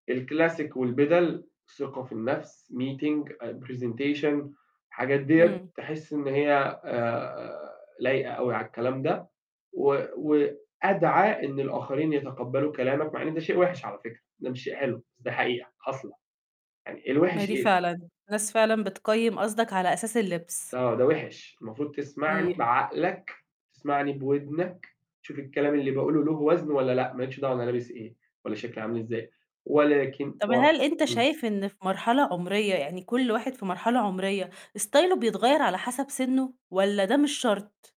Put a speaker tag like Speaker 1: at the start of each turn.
Speaker 1: الclassic والبِدَل، ثقة في النَفس، meeting أ presentation، الحاجات ديّة
Speaker 2: امم.
Speaker 1: تحس إن هي آآ، لايقة أوي على الكلام ده، و وأدعَى إن الآخرين يتقبّلوا كلامك، مع إن ده شيء وحِش على فكرة ده مش شيء حلو، بس ده حقيقة حاصلة، يعني
Speaker 2: ما هي
Speaker 1: الوحِش
Speaker 2: دي
Speaker 1: إيه؟
Speaker 2: فعلًا. الناس فعلًا بتقيّم قصدك على أساس اللبس.
Speaker 1: آه ده وحِش، المفروض تسمعني
Speaker 2: امم.
Speaker 1: بعقلك تسمعني بودنك تشوف الكلام اللي باقوله له وزن والّا لأ، ما لكش دعوة أنا لابس إيه والّا شكلي عامل إزاي، ولكن
Speaker 2: طب
Speaker 1: و
Speaker 2: هل أنت
Speaker 1: امم.
Speaker 2: شايف إن في مرحلة عُمرية يعني كل واحد في مرحلة عُمرية ستايله بيتغيّر على حسب سِنّه، والّا ده مش شرط؟